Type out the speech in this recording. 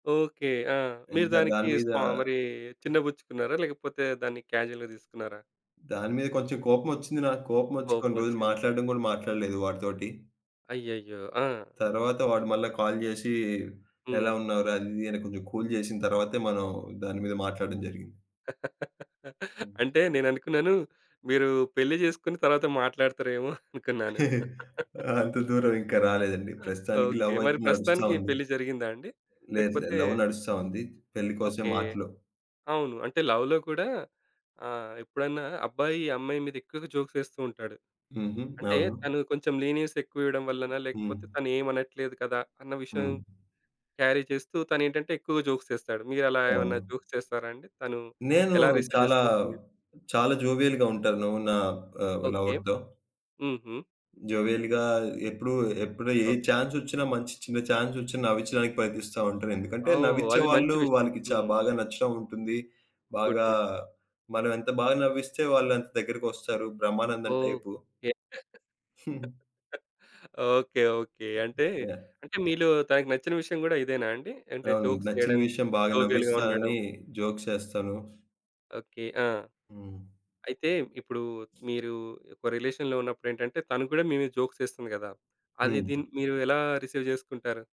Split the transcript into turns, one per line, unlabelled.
Okay. ఆ! మీరు
ఇంకా
దానికి
దాని మీద...
స్పా మరి చిన్న బుచ్చుకున్నారా లేకపోతే దాన్ని కాజుయల్‌గా తీసుకున్నారా?
దాని మీద కొంచెం కోపం ఒచ్చింది నాకు. కోపం ఒచ్చి
కోపం
కొన్ని రోజులు
ఒచ్చింది.
మాట్లాడడం కూడా మాట్లాడలేదు వాడితోటి.
అయ్యయ్యో! ఆ!
తరువాత వాడు మళ్ళీ కాల్ చేసి, "ఎలా
హ్మ్.
ఉన్నావు రా?" అది, ఇది అని కొంచెం కూల్ చేసిన తర్వాతే మనం దాని మీద మాట్లాడ్డం జరిగింది. హ్మ్.
అంటే నేననుకున్నాను మీరు పెళ్ళి చేసుకొని తర్వాత మాట్లాడుతారేమో అనుకున్నాను.
అంత దూరం ఇంకా రాలేదండి.
ఆ!
ప్రస్తుతానికి
ఓకే.
లవ్
మరి
అయితే నడుస్తా
ప్రస్తుతానికి
ఉంది.
పెళ్ళి జరిగిందా అండి?
లేదు, లేదు.
లేకపోతే
లవ్ నడుస్తా ఉంది. పెళ్ళి కోసమే
ఓకే.
మాటలు.
అవును. అంటే లవ్‌లో కూడా ఆహ్, ఎప్పుడన్నా అబ్బాయి, అమ్మాయి మీద ఎక్కువగా జోక్స్ ఏస్తూ ఉంటాడు.
హుహు.
అంటే
అవును.
తను కొంచెం లీనియన్స్ ఎక్కువ ఇవ్వడం వల్లనా లేకపోతే
హ్మ్.
తనేం అనట్లేదు కదా, అన్న విషయం
హ్మ్.
క్యారీ చేస్తూ, తనేంటంటే ఎక్కువగా జోక్స్ చేస్తాడు. మీరలా ఏమన్నా
అవును.
జోక్స్ చేస్తారా అండి? తను
నేను
ఎలా రిసీవ్
చాలా,
చేసుకుంటుంది?
చాలా జోవియల్‌గా ఉంటాను. నా ఆహ్,
ఓకే.
లవర్‌తో.
హుహు.
జోవియల్‌గా ఎప్పుడు, ఎప్పుడు ఏ
ఓకే.
చాన్స్ ఒచ్చినా మంచి చిన్న చాన్స్ ఒచ్చినా నవ్వించడానికి ప్రయత్నిస్తా ఉంటానెందుకంటే,
ఓహ్!
నవ్వించే
అది మంచి
వాళ్ళు,
విషయం.
వాళ్ళకి చా
హ్మ్.
బాగా నచ్చడం ఉంటుంది.
గుడ్.
బాగా
గుడ్.
మనం ఎంత బా నవ్విస్తే వాళ్ళు అంత దగ్గరకొస్తారు బ్రహ్మానందం టైపు.
ఓకే.
హ్మ్.
ఓకే. ఓకే. అంటే,
యాహ్.
అంటే మీలో తనకు నచ్చిన విషయం గూడా ఇదేనా అండి? అంటే
అవును.
జోక్స్
నచ్చిన
చేయడం.
విషయం బాగా
జోవియల్‌గా ఉండడం?
నవ్విస్తానని జోక్స్ చేస్తాను.
ఓకే. ఆ!
హ్మ్.
అయితే ఇప్పుడు మీరు ఒక రిలేషన్‌లో ఉన్నప్పుడేంటంటే, తను కూడా మీ మీద జోక్స్ ఏస్తుంది కదా? అది ది
హ్మ్.
మీరు ఎలా రిసీవ్ చేసుకుంటారు?